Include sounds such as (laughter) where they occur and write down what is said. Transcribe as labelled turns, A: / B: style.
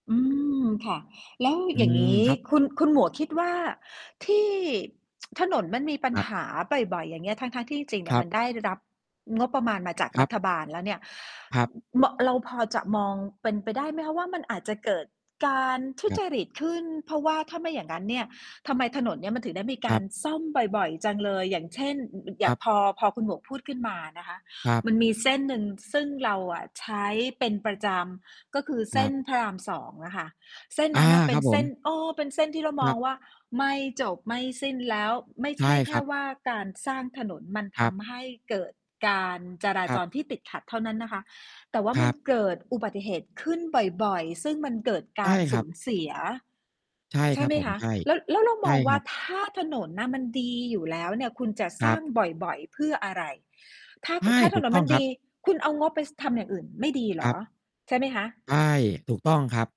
A: อืม ค่ะ แล้ว
B: อื
A: อย่าง
B: ม
A: งี้
B: ครับ
A: คุณ คุณหมวกคิดว่า ที่ (tsk) ถนนมันมีปัญ
B: ครับ
A: หาบ่อย ๆ อย่างเงี้ย ทั้ง ๆ ที่จริง ๆ เน
B: ค
A: ี่
B: ร
A: ย
B: ั
A: ม
B: บ
A: ันได้รับงบประมาณมาจาก
B: คร
A: ร
B: ั
A: ั
B: บ
A: ฐบาลแล้วเนี่ย
B: ครับ
A: มอ เราพอจะมองเป็นไปได้ไหมคะว่า มันอาจจะเกิดการทุ
B: ครั
A: จ
B: บ
A: ริตขึ้น เพราะว่าถ้าไม่อย่างงั้นเนี่ย ทำไมถนนเนี้ยมันถึงได้มีก
B: คร
A: า
B: ับ
A: รซ่อมบ่อย ๆ จังเลย อย่างเช่น ย ย
B: ค
A: ย
B: ร
A: ะ
B: ับ
A: พอ พอคุณหมวกพูดขึ้นมานะคะ
B: ครับ
A: มันมีเส้นหนึ่งซึ่งเราอะใช้เป็นประจำ ก็คือ
B: ค
A: เส
B: ร
A: ้
B: ับ
A: นพระราม 2 อะค่ะ เส้น
B: อา
A: นั้นน่ะเป
B: ค
A: ็
B: รั
A: น
B: บผ
A: เส้น
B: ม
A: เออ เป็นเส้นที่เราม
B: คร
A: อ
B: ั
A: ง
B: บ
A: ว่าไม่จบไม่สิ้น แล้วไม่
B: ใช
A: ใช
B: ่
A: ่แค
B: คร
A: ่
B: ับ
A: ว่า การสร้างถนนมัน
B: ค
A: ท
B: รับ
A: ำให้เกิดการจรา
B: ครั
A: จ
B: บ
A: รที่ติดขัดเท่านั้นนะคะ แต่ว่า
B: ค
A: ม
B: ร
A: ั
B: ั
A: น
B: บ
A: เกิดอุบัติเหตุขึ้นบ่อย ๆ ซึ่งมันเกิดก
B: ใช่
A: าร
B: ค
A: ส
B: ร
A: ู
B: ับ
A: ญเสีย
B: ใช่
A: ใช
B: ค
A: ่
B: รั
A: ไ
B: บ
A: หม
B: ผม
A: คะ
B: ใช่
A: แล้ว แล้วเรา
B: ใช
A: ม
B: ่
A: องว
B: ค
A: ่
B: ร
A: า
B: ับ
A: ถ้าถนนน่ะมันดีอยู่แล้วเนี่ย คุณจะ
B: ค
A: ส
B: ร
A: ร้
B: ั
A: าง
B: บ
A: บ่อย ๆ เพื่ออะไร ถ้า
B: ใช่
A: ถ้าถ
B: ถู
A: น
B: ก
A: น
B: ต้
A: ม
B: อ
A: ั
B: ง
A: น
B: ค
A: ด
B: รับ
A: ี คุณเอางบไป ส ทำอย่างอื่นไม่ดีเหร
B: คร
A: อ?
B: ับ
A: ใช่ไหมคะ
B: ใช่ ถูกต้องครับ